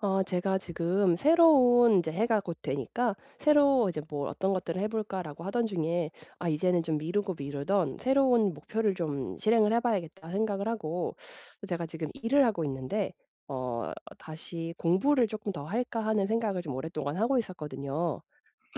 어 제가 지금 새로운 인제 해가 곧 되니까 '새로 이제 뭐 어떤 것들을 해 볼까?'라고 하던 중에 '아 이제는 좀 미루고 미루던 새로운 목표를 좀 실행을 해 봐야겠다.' 생각을 하고 어 제가 지금 일을 하고 있는데 어 '다시 공부를 조금 더 할까?' 하는 생각을 좀 오랫동안 하고 있었거든요.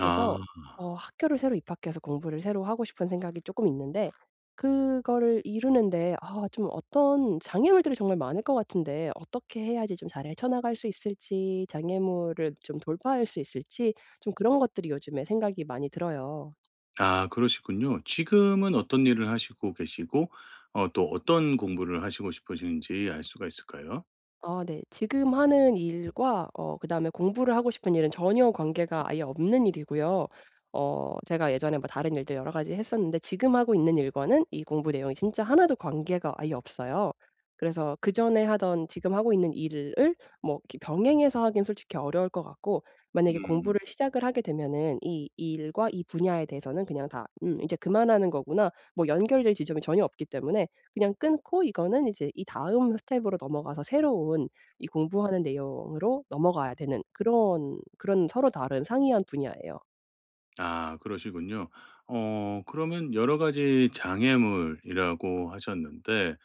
그래서 어 학교를 새로 입학해서 공부를 새로 하고 싶은 생각이 조금 있는데 그거를 이루는 데 아 좀 어떤 장애물들이 정말 많을 것 같은데 어떻게 해야지 좀 잘 헤쳐나갈 수 있을지 장애물을 좀 돌파할 수 있을지 좀 그런 것들이 요즘에 생각이 많이 들어요. 아 그러시군요. 지금은 어떤 일을 하시고 계시고 어 또 어떤 공부를 하시고 싶으신지 알 수가 있을까요? 아 네. 지금 하는 일과 어 그다음에 공부를 하고 싶은 일은 전혀 관계가 아예 없는 일이고요. 어 제가 예전에 뭐 다른 일들 여러 가지 했었는데 지금 하고 있는 일과는 이 공부 내용이 진짜 하나도 관계가 아예 없어요. 그래서 그전에 하던 지금 하고 있는 일을 뭐 이렇게 병행해서 하기엔 솔직히 어려울 것 같고 만약에 음. 공부를 시작을 하게 되면은 이 일과 이 분야에 대해서는 그냥 다 '음 이제 그만하는 거구나.' 뭐 연결될 지점이 전혀 없기 때문에 그냥 끊고 이거는 이제 이 다음 스텝으로 넘어가서 새로운 이 공부하는 내용으로 넘어가야 되는 그런 그런 서로 다른 상이한 분야예요. 아 그러시군요. 어 그러면 여러 가지 장애물이라고 하셨는데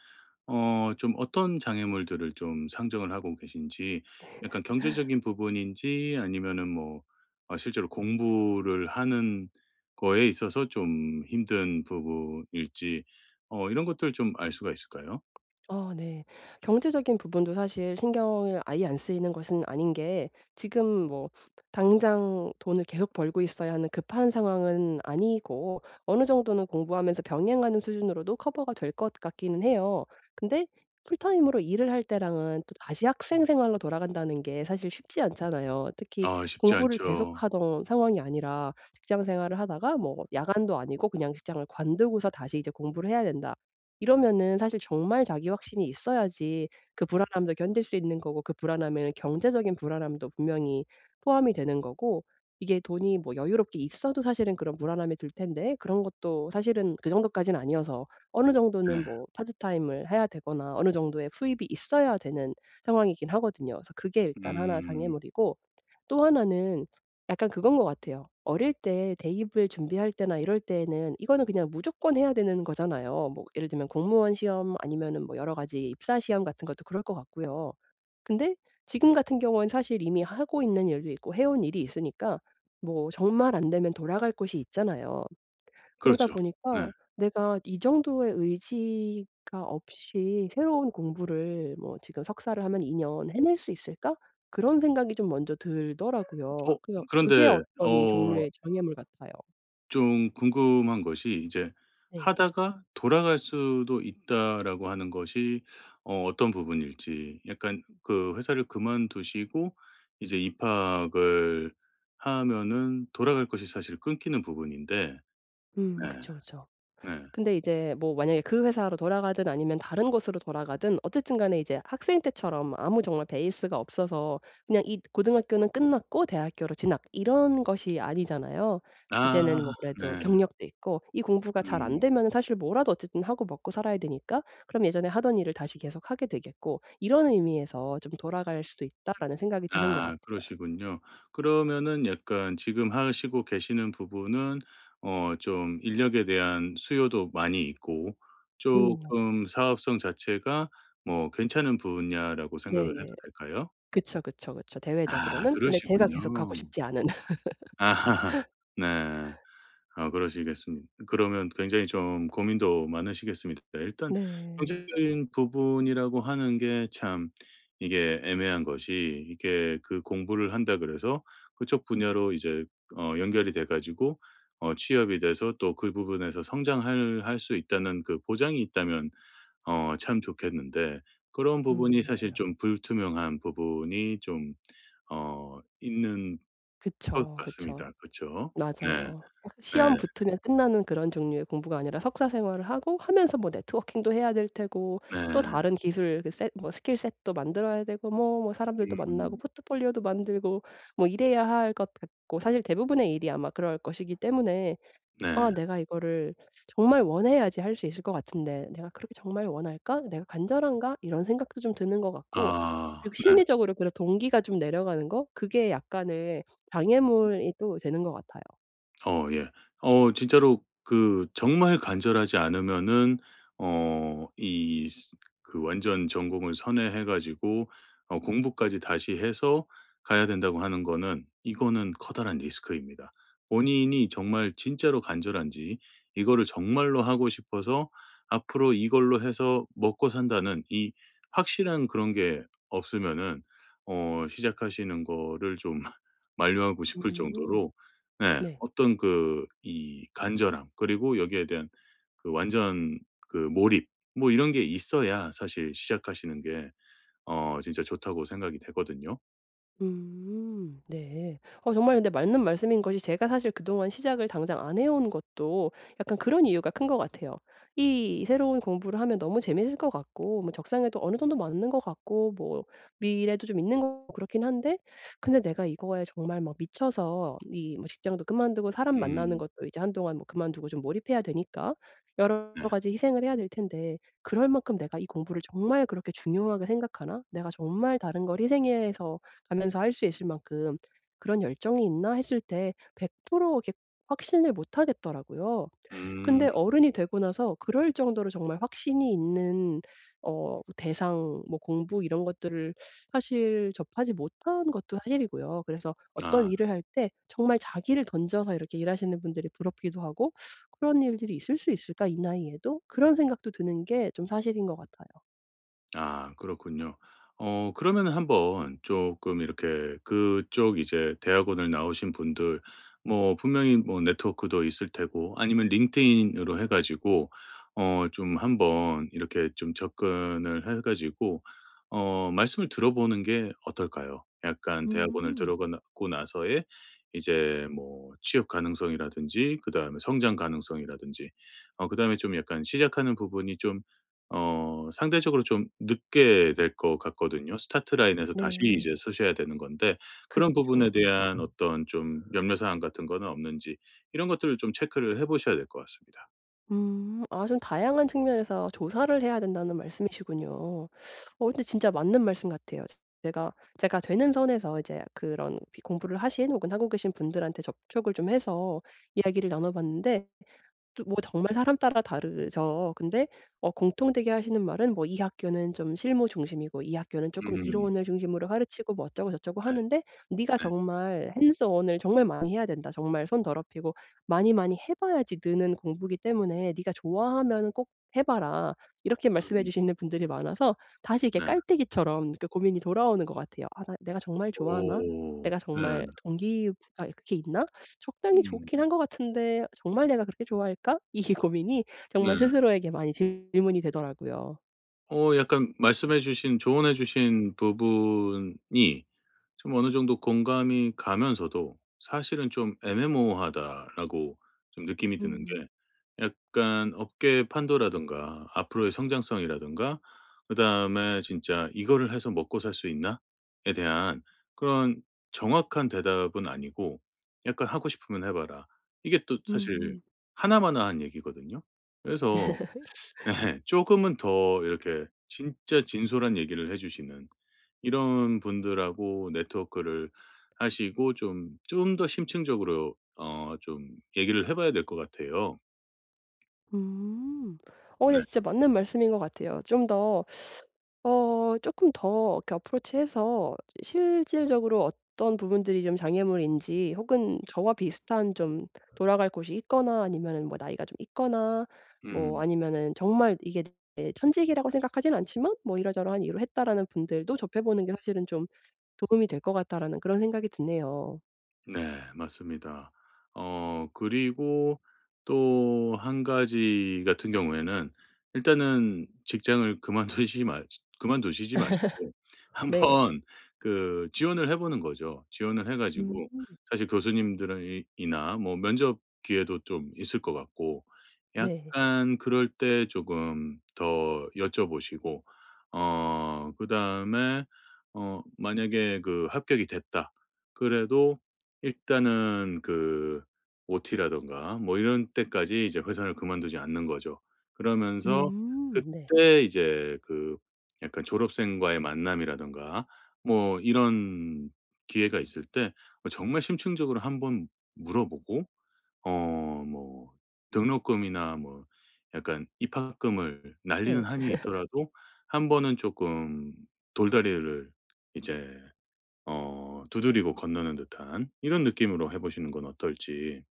어 좀 어떤 장애물들을 좀 상정을 하고 계신지 약간 경제적인 부분인지 아니면은 뭐 어 실제로 공부를 하는 거에 있어서 좀 힘든 부분일지 어 이런 것들을 좀 알 수가 있을까요? 어 네. 경제적인 부분도 사실 신경을 아예 안 쓰이는 것은 아닌 게 지금 뭐 당장 돈을 계속 벌고 있어야 하는 급한 상황은 아니고 어느 정도는 공부하면서 병행하는 수준으로도 커버가 될 것 같기는 해요. 근데 풀타임으로 일을 할 때랑은 또다시 학생 생활로 돌아간다는 게 사실 쉽지 않잖아요. 특히 아 쉽지 공부를 않죠. 계속하던 상황이 아니라 직장 생활을 하다가 뭐 야간도 아니고 그냥 직장을 관두고서 다시 이제 공부를 해야 된다. 이러면은 사실 정말 자기 확신이 있어야지 그 불안함도 견딜 수 있는 거고 그 불안함에 경제적인 불안함도 분명히 포함이 되는 거고 이게 돈이 뭐 여유롭게 있어도 사실은 그런 불안함이 들 텐데 그런 것도 사실은 그 정도까진 아니어서 어느 정도는 네. 뭐 파트타임을 해야 되거나 어느 정도의 수입이 있어야 되는 상황이긴 하거든요. 그래서 그게 일단 하나 음. 장애물이고 또 하나는 약간 그건 것 같아요. 어릴 때 대입을 준비할 때나 이럴 때에는 이거는 그냥 무조건 해야 되는 거잖아요. 뭐 예를 들면 공무원 시험 아니면은 뭐 여러 가지 입사 시험 같은 것도 그럴 것 같고요. 근데 지금 같은 경우엔 사실 이미 하고 있는 일도 있고 해온 일이 있으니까 뭐 정말 안 되면 돌아갈 곳이 있잖아요. 그러다 그렇죠. 네. 보니까 내가 이 정도의 의지가 없이 새로운 공부를 뭐 '지금 석사를 하면 2년 해낼 수 있을까?' 그런 생각이 좀 먼저 들더라고요. 어! 그니까 그게 그런데 어떤 어 종류의 장애물 같아요. 좀 궁금한 것이 이제 네. ‘하다가 돌아갈 수도 있다.‘라고 하는 것이 어 어떤 부분일지 약간 그 회사를 그만두시고 이제 입학을 하면은 돌아갈 것이 사실 끊기는 부분인데 네. 음 그쵸, 그쵸. 네. 근데 이제 뭐 만약에 그 회사로 돌아가든 아니면 다른 곳으로 돌아가든 어쨌든 간에 이제 학생 때처럼 아무 정말 베이스가 없어서 그냥 이 고등학교는 끝났고 대학교로 진학 이런 것이 아니잖아요. 아 이제는 뭐 그래도 네. 경력도 있고 이 공부가 잘 음. 안되면은 사실 뭐라도 어쨌든 하고 먹고 살아야 되니까 그럼 예전에 하던 일을 다시 계속하게 되겠고 이런 의미에서 ‘좀 돌아갈 수도 있다.‘라는 생각이 드는 것 아 같아요. 그러시군요. 그러면은 약간 지금 하시고 계시는 부분은 어 좀 인력에 대한 수요도 많이 있고 음. 엽. 쪼끔 사업성 자체가 뭐 괜찮은 분야라고 생각을 해도 네네. 될까요? 그쵸, 그쵸, 그쵸. 아 대외적으로는. 근데 제가 그러시군요. 계속 가고 싶지 않은 네. 아 그러시겠습 그러면 굉장히 좀 고민도 많으시겠습니다. 일단 네. 경제적인 부분이라고 하는 게 참 이게 애매한 것이 이게 그 ‘공부를 한다 그래서 그쪽 분야로 이제 어 연결이 돼 가지고 어 취업이 돼서 또 그 부분에서 성장할 할 수 있다.‘는 그 보장이 있다면 어 참 좋겠는데 그런 음 부분이 사실 맞아요. 좀 불투명한 부분이 좀 어 있는 것 그쵸. 그쵸. 같습니다. 그쵸. 네. 맞아요. 딱 네. 시험 붙으면 끝나는 그런 종류의 공부가 아니라 석사 생활을 하고 하면서 뭐 networking도 해야 될 테고 또 네. 다른 기술 그 set 뭐 skill set도 만들어야 되고 뭐, 뭐 사람들도 만나고 음. 포트폴리오도 만들고 뭐 이래야 할 것 같고 사실 대부분의 일이 아마 그럴 것이기 때문에 아 네. 내가 이거를 정말 원해야지 할 수 있을 것 같은데 ‘내가 그렇게 정말 원할까? 내가 간절한가?‘ 이런 생각도 좀 드는 것 같고 아. 그리고 네. 심리적으로 그런 동기가 좀 내려가는 거? 그게 약간의 장애물이 또 되는 것 같아요. 어 예. 어 '진짜로 그 정말 간절하지 않으면은 어 이 스 그 완전 전공을 선회해 가지고 어 공부까지 다시 해서 가야 된다.'고 하는 거는 이거는 커다란 리스크입니다. 본인이 정말 진짜로 간절한지 이거를 정말로 하고 싶어서 '앞으로 이걸로 해서 먹고 산다.'는 이 확실한 그런 게 없으면은 어 시작하시는 거를 좀 만류하고 싶을 음. 정도로 네. 네. '어떤 그 이 간절함 그리고 여기에 대한 그 완전 그 몰입 뭐 이런 게 있어야 사실 시작하시는 게 어 진짜 좋다.'고 생각이 되거든요. 음. 네. 어 정말 근데 맞는 말씀인 것이 제가 사실 그동안 시작을 당장 안 해 온 것도 약간 그런 이유가 큰 것 같아요. 이 새로운 공부를 하면 너무 재밌을 것 같고 뭐 적성에도 어느 정도 맞는 것 같고 뭐 미래도 좀 있는 거고 그렇긴 한데 근데 내가 이거에 정말 뭐 미쳐서 이 뭐 직장도 그만두고 사람 만나는 음. 것도 이제 한동안 뭐 그만두고 좀 몰입해야 되니까 여러 네. 가지 희생을 해야 될 텐데 '그럴 만큼 내가 이 공부를 정말 그렇게 중요하게 생각하나? 내가 정말 다른 걸 희생해서 가면서 할 수 있을 만큼 그런 열정이 있나?' 했을 때 100% 이렇게 확신을 못 하겠더라고요. 음. 근데 어른이 되고 나서 그럴 정도로 정말 확신이 있는 어 대상 뭐 공부 이런 것들을 사실 접하지 못한 것도 사실이고요. 그래서 어떤 아. 일을 할 때 정말 자기를 던져서 이렇게 일하시는 분들이 부럽기도 하고 '그런 일들이 있을 수 있을까? 이 나이에도?' 그런 생각도 드는 게 좀 사실인 것 같아요. 아 그렇군요. 어 그러면은 한번 쪼끔 이렇게 그쪽 이제 대학원을 나오신 분들 뭐 분명히 뭐 네트워크도 있을 테고 아니면 링크드인으로 해 가지고 어 좀 한번 이렇게 좀 접근을 해 가지고 어 말씀을 들어보는 게 어떨까요? 약간 대학원을 음. 들어가고 나서의 이제 뭐 취업 가능성이라든지 그다음에 성장 가능성이라든지 어 그다음에 좀 약간 시작하는 부분이 좀 어 상대적으로 좀 늦게 될 것 같거든요. start line에서 다시 네. 이제 서셔야 되는 건데 그런 부분에 그쵸. 음. 대한 어떤 좀 염려 사항 같은 거는 없는지 이런 것들을 좀 체크를 해 보셔야 될 것 같습니다. 음. 아 좀 "다양한 측면에서 조사를 해야 된다."는 말씀이시군요. 어 근데 진짜 맞는 말씀 같아요. 제가 제가 되는 선에서 이제 그런 비 공부를 하신 혹은 하고 계신 분들한테 접촉을 좀 해서 이야기를 나눠 봤는데 또 뭐 정말 사람따라 다르죠. 근데 어 공통되게 하시는 말은 뭐 이 학교는 좀 실무 중심이고 이 학교는 쪼끔 음. 이론을 중심으로 가르치고 뭐 예. 어쩌고저쩌고하는데 "네가 네. 정말 hands on을 정말 많이 해야 된다. 정말 손 더럽히고 많이 많이 해 봐야지 느는 공부기 때문에 네가 좋아하면은 꼭 해 봐라." 이렇게 말씀해 음. 주시는 분들이 많아서 다시 이렇게 네. 깔때기처럼 이렇게 고민이 돌아오는 것 같아요. '아 나 내가 정말 좋아하나? 오 내가 네. 정말 동기 부 가 그렇게 있나? 적당히 좋긴 음. 한 것 같은데 정말 내가 그렇게 좋아할까?' 이 고민이 네. 정말 스스로에게 많이 질문이 되더라고요. 어 약간 말씀해 주신 조언해 주신 부분이 좀 어느 정도 공감이 가면서도 사실은 좀 '애매모호하다.'라고 좀 느낌이 드는 음. 게 약간 업계의 판도라든가 앞으로의 성장성이라든가 그다음에 진짜 '이거를 해서 먹고살 수 있나.'에 대한 그런 정확한 대답은 아니고 약간 "하고 싶으면 해 봐라." 이게 또 사실 음. 하나 마나 한 얘기거든요? 그래서 예 쪼금은 더 이렇게 진짜 진솔한 얘기를 해 주시는 이런 분들하고 네트워크를 하시고 좀 좀 더 심층적으로 어 좀 얘기를 해 봐야 될 것 같아요. 음. 어 이 네. 진짜 맞는 말씀인 것 같아요. 좀 더 어 쪼끔 더 이렇게 approach 해서 이 실질적으로 어떤 부분들이 좀 장애물인지 혹은 '저와 비슷한 좀 돌아갈 곳이 있거나 아니면은 뭐 나이가 좀 있거나 뭐 음. 아니면은 정말 "이게 내 천직이라고 생각하지는 않지만 뭐 이러저러한 이유로 했다."라는 분들도 접해보는 게 사실은 좀 도움이 될 것 같다.'라는 그런 생각이 드네요. 네 맞습니다. 어 그리고 또 1 가지 같은 경우에는 일단은 직장을 그만두시지 마 그만두시지 마시고 네. 한번 그 지원을 해 보는 거죠. 지원을 해 가지고 으흠. 사실 교수님들은 이 이나 뭐 면접 기회도 좀 있을 것 같고, 네. 약간 그럴 때 조금 더 여쭤보시고 어 그다음에 어 만약에 그 합격이 됐다 그래도 일단은 그 OT라든가 뭐 이런 때까지 이제 회사를 그만두지 않는 거죠. 으 그러면서 음 네. 그때 이제 그 약간 졸업생과의 만남이라든가, 뭐 이런 기회가 있을 때 어 정말 심층적으로 한번 물어보고 어 뭐 등록금이나 뭐 약간 입학금을 날리는 네. 한이 있더라도 1 번은 쪼끔 돌다리를 이제 어 두드리고 건너는 듯한 이런 느낌으로 해 보시는 건 어떨지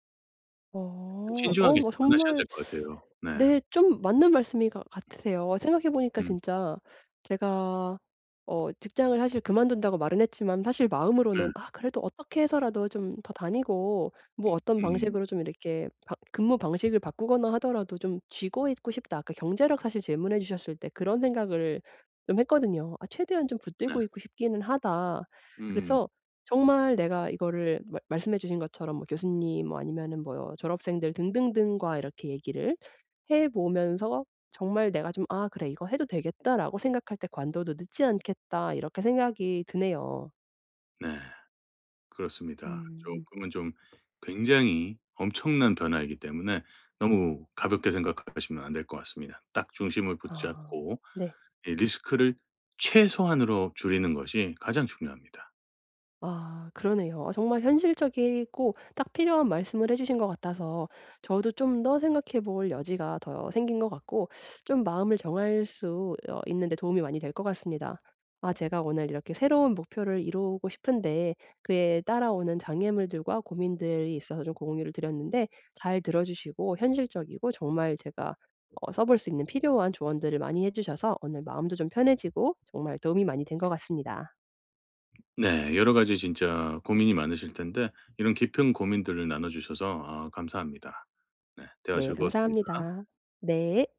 더 어. 어 신중하게 뭐 접근하셔야 정말 될 것 같아요. 네. 네 좀 맞는 말씀이가 같으세요. 생각해 보니까 예. 진짜 제가 어 직장을 사실 그만둔다고 말은 했지만 사실 네. 마음으로는 ‘아 그래도 어떻게 해서라도 좀 더 다니고 뭐 어떤 [unintelligible] 방식으로 좀 이렇게 방 근무 방식을 바꾸거나 하더라도 좀 쥐고 있고 싶다.‘ 아까 경제력 사실 질문해 주셨을 때 그런 생각을 좀 했거든요. ‘아 최대한 좀 네. 붙들고 있고 싶기는 하다.‘ 으 으 음. 그래서 정말 내가 이거를 말 말씀해 주신 것처럼 뭐 교수님 뭐 아니면은 뭐 졸업생들 등등등과 이렇게 얘기를 해 보면서 정말 내가 좀 ‘아. 그래 이거 해도 되겠다라고 생각할 때 관둬도 늦지 않겠다.‘ 이렇게 생각이 드네요. 네. 그렇습니다. 음. 쪼끔은 좀 굉장히 엄청난 변화이기 때문에 너무 가볍게 생각하시면 안 될 것 같습니다. 딱 중심을 아 붙잡고 네. 이 리스크를 최소한으로 줄이는 것이 가장 중요합니다. 아 그러네요. 정말 현실적이고 딱 필요한 말씀을 해 주신 것 같아서 저도 좀 더 생각해 볼 여지가 더 생긴 것 같고 좀 마음을 정할 수 어 있는 데 도움이 많이 될 것 같습니다. 아 제가 오늘 이렇게 새로운 목표를 이루고 싶은데 그에 따라오는 장애물들과 고민들이 있어서 좀 공유를 드렸는데 잘 들어 주시고 현실적이고 정말 제가 어 써 볼 수 있는 필요한 조언들을 많이 해 주셔서 오늘 마음도 좀 편해지고 정말 도움이 많이 된 것 같습니다. 네. 여러 가지 진짜 고민이 많으실 텐데 이런 깊은 고민들을 나눠 주셔서 아 감사합니다. 네. 대화 네 즐거웠습니다. 감사합니다. 네.